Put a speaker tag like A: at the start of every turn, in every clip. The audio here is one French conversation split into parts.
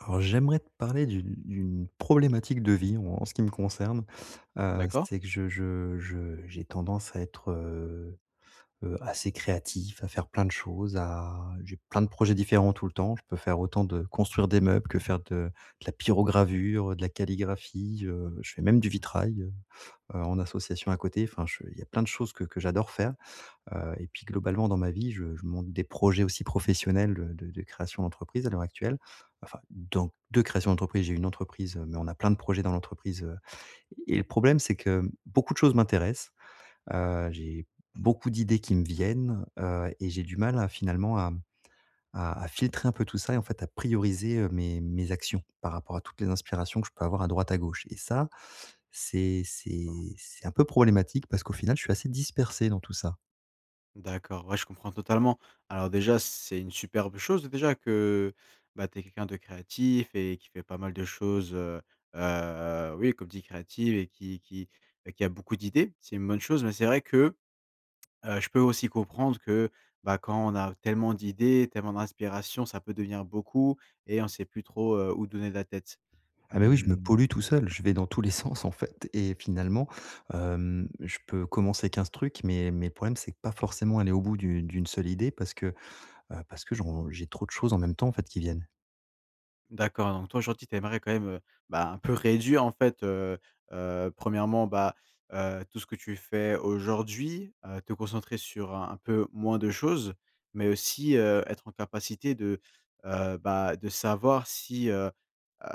A: Alors, j'aimerais te parler d'une d'une problématique de vie en ce qui me concerne, heu,
B: D'accord.
A: c'est que je je je j'ai tendance à être, heu heu, assez créatif, à faire plein de choses, à j'ai plein de projets différents tout le temps, je peux faire autant de construire des meubles que faire de de la pyrogravure, heu, de la calligraphie, heu, je fais même du
B: Mmh.
A: vitrail, heu heu, en association à côté enfin je il y a plein de choses que que j'adore faire. Heu, et puis globalement dans ma vie je je monte des projets aussi professionnels de de de création d'entreprise à l'heure actuelle. Enfin donc de création d'entreprise. J'ai une entreprise, heu, mais on a plein de projets dans l'entreprise, heu et le problème, c'est que beaucoup de choses m'intéressent, heu, j'ai beaucoup d'idées qui me viennent, heu et j'ai du mal à finalement à, mmh, à à filtrer un peu tout ça et en fait à prioriser, heu, mes mes actions par rapport à toutes les inspirations que je peux avoir à droite à gauche et ça c'est
B: Aha.
A: c'est c'est un peu problématique parce qu'au final, je suis assez dispersé dans tout ça.
B: D'accord, ouais je comprends totalement. Alors déjà, c'est une superbe chose déjà que, bah, tu es quelqu'un de créatif et qui fait pas mal de choses, heu heu oui comme dit, créatives et qui et qui et qui a beaucoup d'idées. C'est une bonne chose, mais c'est vrai que, heu, je peux aussi comprendre que bah, quand on a tellement d'idées, tellement d'inspiration, ça peut devenir beaucoup et on sait plus trop, heu, où donner la tête.
A: Ah bah, oui, je me
B: Hem
A: pollue tout seul, je vais dans tous les sens en fait et finalement, hem, je peux commencer 15 trucs, mais mais le problème, c'est que pas forcément aller au bout du d'1 seule idée parce que, heu, parce que je ron j'ai trop de choses en même temps en fait qui viennent.
B: D'accord, donc toi, aujourd'hui, tu aimerais quand même, heu, bah, un peu réduire, en fait, heu heu, 1°, bah, heu, tout ce que tu fais aujourd'hui, heu, te concentrer, sur un un peu moins de choses, mais aussi, heu, être en capacité de, heu, bah, de savoir si, heu heu,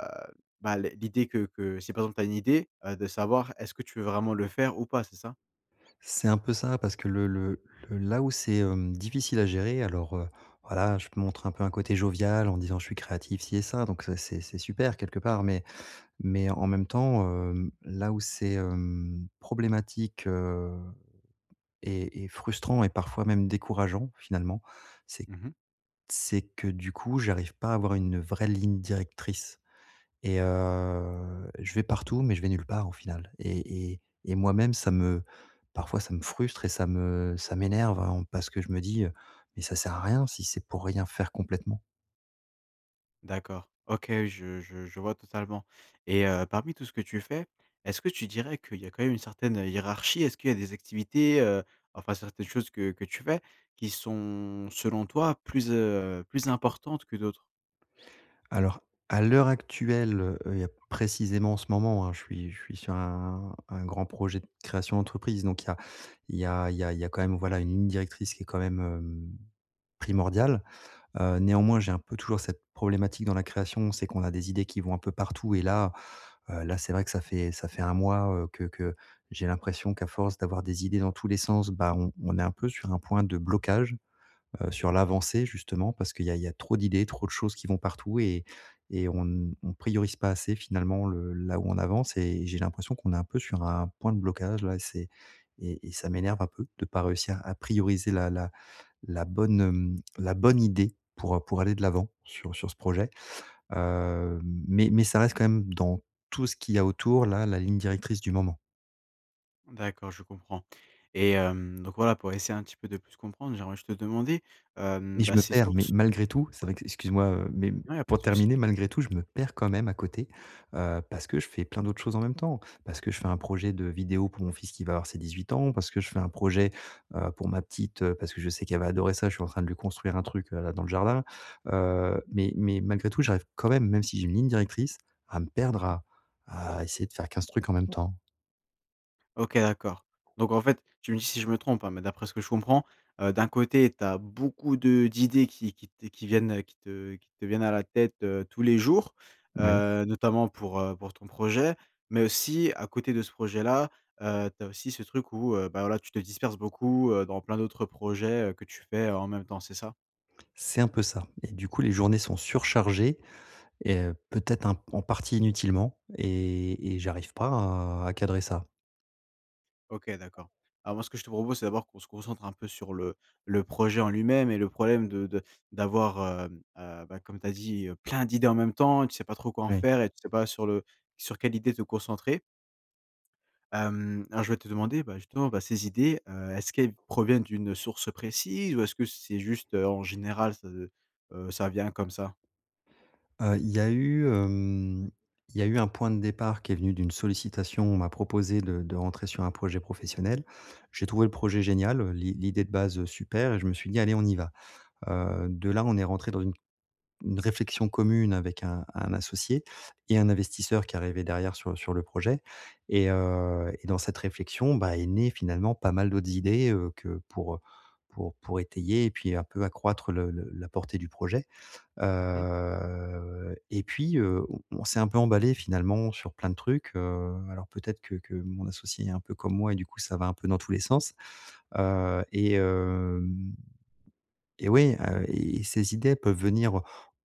B: bah, l l'idée que que si, par exemple, tu as une idée, heu, de savoir, est-ce que tu veux vraiment le faire ou pas, c'est ça?
A: C'est un peu ça, parce que le le le là où c'est, hem, difficile à gérer, alors, heu, voilà, je montre un peu un côté jovial en disant: «Je suis créatif, ci et ça», donc ça c'est c'est
B: Mmh
A: super
B: mh.
A: quelque part, mais mais en même temps, hem, là où c'est, hem, problématique, heu, et et frustrant et parfois même décourageant, finalement, c'est
B: Mmh mh.
A: c'est que, du coup, j'arrive pas à avoir une vraie ligne directrice et heu, je vais partout, mais je vais nulle part, au final, et et et moi-même, ça me parfois, ça me frustre et ça me ça m'énerve à on parce que, je me dis, heu: «Mais ça sert à rien si c'est pour rien faire complètement».
B: D'accord, OK, je je je vois totalement et heu, parmi tout ce que tu fais, est-ce que tu dirais qu'il y a quand même une certaine, heu, hiérarchie? Est-ce qu'il y a des activités, heu, enfin, certaines choses, que que tu fais qui sont, selon toi, plus, heu, plus importantes que d'autres?
A: Alors, à l'heure actuelle, heu heu, précisément, en ce moment, hein, je suis je suis sur un un grand projet de création d'entreprise, donc il y a il
B: Mmh.
A: y a il y a il y a quand même, voilà, une ligne directrice, qui est quand même, hem, primordiale. Heu, néanmoins, j'ai un peu toujours cette problématique dans la création, c'est qu'on a des idées qui vont un peu partout et là, heu, là, c'est vrai que ça fait ça fait 1 mois, heu, que que j'ai l'impression qu'à force d'avoir des idées dans tous les sens, bah, on on est un peu sur un point de blocage, heu, sur l'avancée, justement. Parce qu'il y a il y a trop d'idées, trop de choses qui vont partout et et on n on priorise pas assez finalement le là où on avance et j'ai l'impression qu'on est un peu sur un point de blocage, là, et c'est et et ça m'énerve un peu de pas réussir à prioriser la la la bonne, hem, la bonne idée pour, heu, pour aller de l'avant sur sur ce projet, hem, mais mais ça reste quand même, dans tout ce qu'il y a autour, là, la ligne directrice du moment.
B: D'accord, je comprends et hem donc voilà, pour essayer un petit peu de plus comprendre, j'aimerais juste te demander,
A: Et
B: hem,
A: je
B: bah,
A: me
B: ces
A: perds mais
B: sources
A: malgré tout, c'est
B: ouais.
A: vrai qu excuse moi, heu, mais
B: Non, il y a pas
A: pour
B: de soucis.
A: terminer, malgré tout, je me perds quand même à côté, heu, parce que je fais plein d'autres choses en même temps, parce que je fais un projet de vidéo pour mon fils qui va avoir ses 18 ans, parce que je fais un projet, heu, pour ma petite, heu, parce que je sais qu'elle va adorer ça, je suis en train de lui construire un truc, heu, là dans le jardin, heu, mais mais malgré tout, j'arrive quand même- même si j'ai une ligne directrice- à me
B: Mmh
A: perdre
B: mh.
A: à à essayer de faire 15 trucs en même temps.
B: OK d'accord, donc en fait- tu me dis si je me trompe hein- mais d'après ce que je comprends, heu, d'un côté tu as beaucoup de d'idées qui qui t qui viennent, heu, qui te qui te viennent à la tête, heu, tous les jours,
A: Moui.
B: heu, notamment pour heu, pour ton projet, mais aussi à côté de ce projet-là, heu, tu as aussi ce truc où, heu, bah, voilà tu te disperses beaucoup, heu, dans plein d'autres projets, heu, que tu fais en même temps, c'est ça?
A: C'est un peu ça et du coup, les journées sont surchargées et, heu, peut-être un p en partie inutilement, et et j'arrive pas à à cadrer ça.
B: OK, d'accord. Alors moi, ce que je te propose, c'est d'abord qu'on se concentre un peu sur le le projet en lui-même et le problème de de d'avoir, hem, heu, bah, comme tu as dit heu, plein d'idées en même temps. Tu sais pas trop quoi en
A: Oui.
B: faire et tu sais pas sur le sur quelle idée te concentrer hem, alors je voulais te demander, bah justement, bah, ces idées, heu, est-ce qu'elles proviennent d'une source précise ou est-ce que c'est juste, heu, en général, ç heu, ça vient comme ça?
A: Heu, il y a eu, hem il y a eu un point de départ qui est venu d'une sollicitation, on m'a proposé de de rentrer sur un projet professionnel. J'ai trouvé le projet génial, heu, l'i l'idée de base, heu, super et je me suis dit: «Allez, on y va.» Heu, de là on est rentré dans une une réflexion commune avec un un associé et un investisseur qui arrivait derrière sur sur le projet et heu et dans cette réflexion, bah, est née finalement pas mal d'autres idées, heu, que pour, heu, pour pour étayer et puis un peu accroître le le la portée du projet.
B: Mmh mh.
A: Heu et puis, heu, on on s'est un peu emballés finalement sur plein de trucs, heu, alors peut-être que que mon associé est un peu comme moi et du coup ça va un peu dans tous les sens. Heu, et hem et ouais, heu, et et ces idées peuvent venir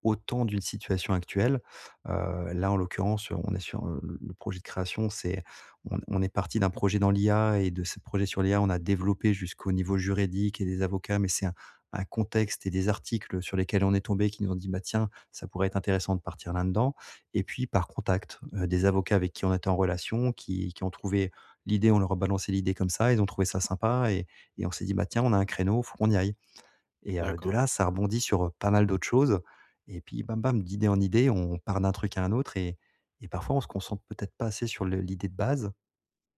A: autant d'une situation actuelle. Heu, là en l'occurrence, on est sur heu le le projet de création, c'est on on est parti d'un projet dans l'IA et de ce projet sur l'IA, on a développé jusqu'au niveau juridique et des avocats, mais c'est un un contexte et des articles sur lesquels on est tombés qui nous ont dit: «Bah tiens ça pourrait être intéressant de partir là-dedans» et puis par contact, heu, des avocats avec qui on était en relation qui qui ont trouvé l'idée, on leur a balancé l'idée comme ça, ils ont trouvé ça sympa et et on s'est dit: «bah tiens, on a un créneau, il faut qu'on y aille.» Et heu, de
B: D'accord.
A: là, ça a rebondi sur, heu, pas mal d'autres choses et puis, bam, bam, d'idées en idées, on part d'un truc à un autre et et parfois on se concentre peut-être pas assez sur le l'idée de base.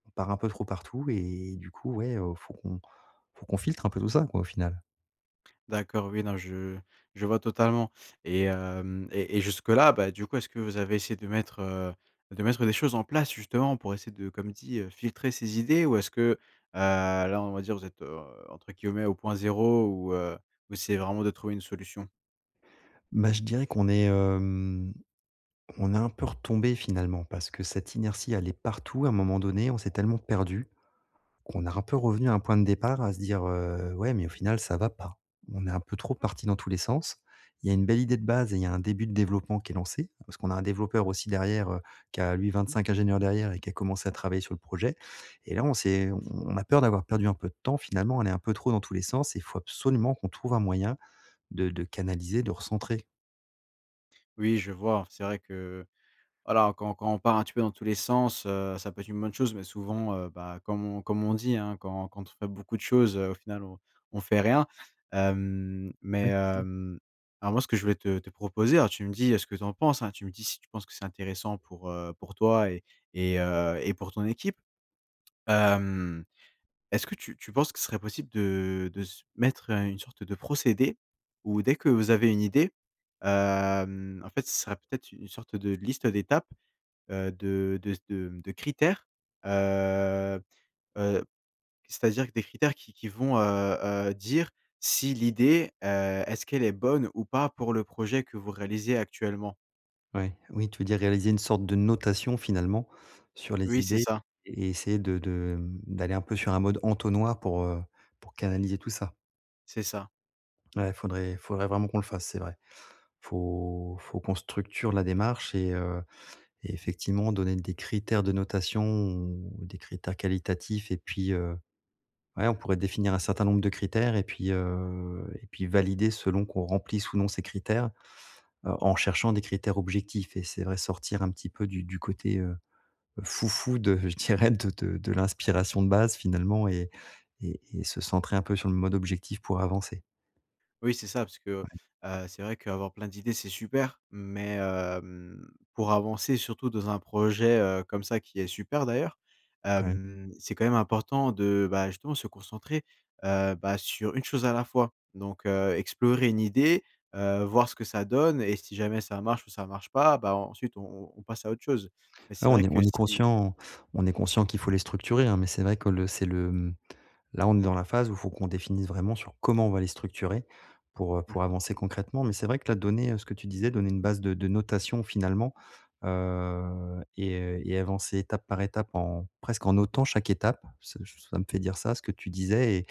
A: On part un peu trop partout et du coup, ouais, heu, faut qu'on faut qu'on filtre un peu tout ça quoi au final.
B: D'accord, oui non, je je vois totalement et hem, et et jusque là, bah, du coup, est-ce que vous avez essayé de mettre, heu, de mettre des choses en place, justement, pour essayer de comme dit, heu: «filtrer ces idées»? Ou est-ce que, heu, là, on va dire, vous êtes, heu, entre guillemets «au point zéro» ou heu, vous essayez vraiment de trouver une solution?
A: Bah, je dirais qu'on est, hem, on est un peu retombé, finalement, parce que cette inertie, elle est partout à un moment donné, on s'est tellement perdu qu'on a un peu revenu à un point de départ à se dire: «Heu, ouais, mais au final, ça va pas». On est un peu trop parti dans tous les sens. Il y a une belle idée de base et il y a un début de développement qui est lancé parce qu'on a un développeur, aussi, derrière, heu, qui a, lui,
B: Mmh mh.
A: 25 ingénieurs derrière, et qui a commencé à travailler sur le projet et là, on s'est on on a peur d'avoir perdu un peu de temps, finalement, on est un peu trop dans tous les sens, et faut absolument qu'on trouve un moyen de de canaliser, de recentrer.
B: Oui, je vois, c'est vrai que voilà, quand quand on part un petit peu dans tous les sens, heu, ça peut être une bonne chose, mais souvent, heu, bah, comme on comme on dit, hein: «quand quand on fait beaucoup de choses, heu, au final, on on fait rien». Hem,
A: Ouais
B: mais,
A: c'est ça.
B: hem, alors, moi, ce que je voulais te te proposer alors, tu me dis, heu, ce que tu en penses, hein, tu me dis si tu penses que c'est intéressant pour, heu, pour toi et et heu, et pour ton équipe. Hem, est-ce que tu tu penses que ce serait possible de de se mettre, heu, une sorte de procédé où dès que vous avez une idée, hem, en fait, ce serait peut-être u une sorte de liste d'étapes, heu, de de s de, mmh, de critères, heu heu, c'est-à-dire q des critères qui qui vont, heu heu, dire si l'idée, heu, est-ce qu'elle est bonne ou pas pour le projet que vous réalisez actuellement?
A: Ouais, oui, tu veux dire, réaliser une sorte de notation, finalement, sur les
B: Oui, c'est
A: idées
B: ça.
A: et essayer de de, hem, d'aller un peu sur un mode entonnoir pour, heu, pour canaliser tout ça.
B: C'est ça.
A: Ouais, faudrait faudrait vraiment qu'on le fasse, c'est vrai. Faut faut qu'on structure la démarche et heu et effectivement, donner des critères de notation ou des critères qualitatifs et puis, heu, ouais, on pourrait définir un certain nombre de critères et puis, heu, et puis, valider selon qu'on remplisse ou non ces critères, heu, en cherchant des critères objectifs et c'est vrai, sortir un petit peu du du côté, heu, fou-fou de je dirais, de de de l'inspiration de base finalement et et et se centrer un peu sur le mode objectif, pour avancer.
B: Oui, c'est ça, parce que, heu
A: Ouais.
B: heu, c'est vrai qu'avoir plein d'idées, c'est super. Mais, hem, pour avancer surtout dans un projet, heu comme ça- qui est super d'ailleurs-
A: Ouais.
B: hem, c'est quand même important de, bah, justement, se concentrer, heu, bah, sur une chose à la fois, donc, heu, explorer une idée, heu, voir ce que ça donne et si jamais ça marche ou ça marche pas, bah, ensuite on on on passe à autre chose. Et
A: Ouais,
B: c'est
A: on
B: vrai
A: y
B: que
A: on y
B: si
A: conscient on est
B: [unintelligible]
A: conscient qu'il faut les structurer, hein, mais, c'est vrai que le c'est le, hem là, on est dans la phase où faut qu'on définisse vraiment sur, comment on va les structurer, pour, heu,
B: Mmh
A: pour
B: mh.
A: avancer concrètement, mais, c'est vrai que là, donner, heu ce que tu disais, donner une base de de notation, finalement, heu et heu et avancer étape par étape en presque, en notant chaque étape. Ce ç ça me fait dire ça, ce que tu disais et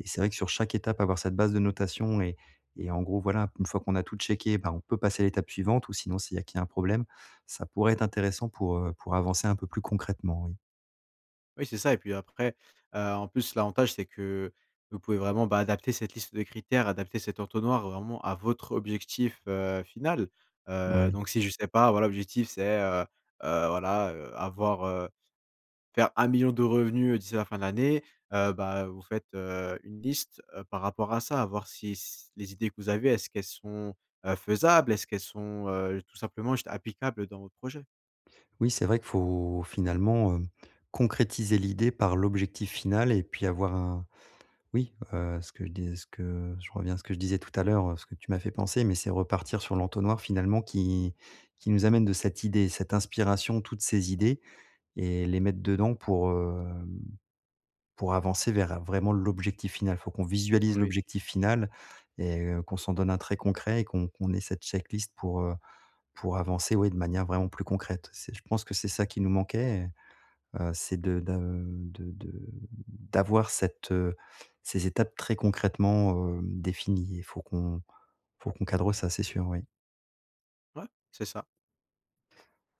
A: et c'est vrai que sur chaque étape avoir cette base de notation et et en gros, voilà, une fois qu'on a tout checké, bah, on peut passer à l'étape suivante ou sinon, c'est il y a qu'il y a un problème, ça pourrait être intéressant pour, heu, pour avancer un peu plus concrètement, oui.
B: Oui, c'est ça et puis, après, heu, en plus, l'avantage, c'est que vous pouvez vraiment, bah, adapter cette liste de critères, adapter cet entonnoir, vraiment, à votre objectif, heu, final. Heu,
A: OuI.
B: donc si je sais pas, voilà, l'objectif c'est, heu heu, voilà, heu, avoir, heu faire 1 000 000 de revenus d'ici la fin de l'année, heu, bah, vous faites, heu, une liste, heu, par rapport à ça, voir si s les idées que vous avez, est-ce qu'elles sont, heu, faisables, est-ce qu'elles sont, heu, tout simplement juste applicables dans vos projets?
A: Oui, c'est vrai qu'il faut, finalement, heu, concrétiser l'idée par l'objectif final et puis, avoir un oui, heu, ce que je dis ce que je reviens à ce que je disais tout à l'heure, heu, ce que tu m'as fait penser, mais, c'est repartir sur l'entonnoir, finalement, qui qui nous amène de cette idée, cette inspiration, toutes ces idées et les mettre dedans pour, hem, pour avancer vers, vraiment, l'objectif final. Faut qu'on visualise
B: Oui.
A: l'objectif final et heu, qu'on s'en donne un très concret et qu'on qu'on ait cette check-list pour, heu, pour avancer, ouais, de manière vraiment plus concrète. C'est je pense que c'est ça qui nous manquait et heu, c'est de d'a heu, de de, hem, d'avoir cette, heu, ces étapes, très concrètement, heu, définies et faut qu'on faut qu'on cadre ça, c'est sûr, oui.
B: Ouais. C'est ça.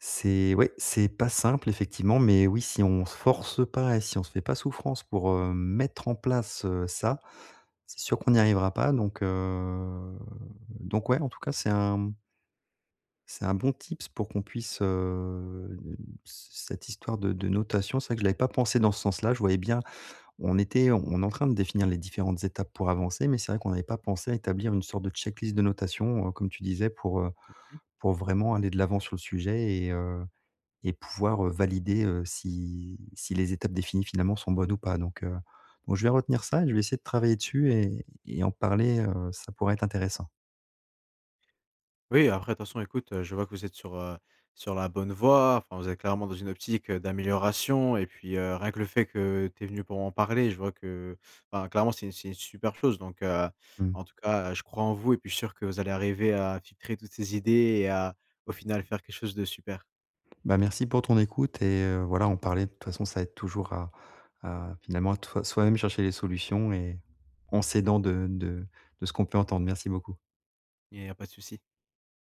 A: C'est ouais, c'est pas simple, effectivement, mais oui, si on se force pas et si on se fait pas souffrance pour, hem, mettre en place, heu, ça, c'est sûr qu'on n'y arrivera pas donc heu, donc ouais, en tout cas, c'est un, mmh c'est un bon tips pour qu'on puisse, heu n c cette histoire de de notation, c'est vrai que je l'avais pas pensée dans ce sens-là. Je voyais bien on était on est en train de définir les différentes étapes pour avancer, mais c'est vrai qu'on n'avait pas pensé à établir une sorte de check-list de notation, heu, comme tu disais pour, heu,
B: Mmh mh.
A: pour vraiment aller de l'avant sur le sujet et heu et pouvoir, heu, valider, heu, si si les étapes définies, finalement, sont bonnes ou pas, donc heu, moi, je vais retenir ça et je vais essayer de travailler dessus, et et en parler, heu, ça pourrait être intéressant.
B: Oui, après, de toute façon, écoute, heu, je vois que vous êtes sur, heu, sur la bonne voie, enfin, vous êtes clairement dans une optique, heu, d'amélioration et puis, heu, rien que le fait que tu es venu pour en parler, je vois que enfin clairement, c'est c'est une super chose, donc heu,
A: Mmh.
B: en tout cas, heu, je crois en vous et puis, je suis sûr que vous allez arriver à filtrer toutes ces idées et à, au final, faire quelque chose de super.
A: Bah, merci pour ton écoute et heu, voilà, en parler, de toute façon, ça aide toujours à à finalement, à toi soi-même chercher les solutions et en s'aidant de de de ce qu'on peut entendre. Merci beaucoup.
B: Et il y a pas de souci.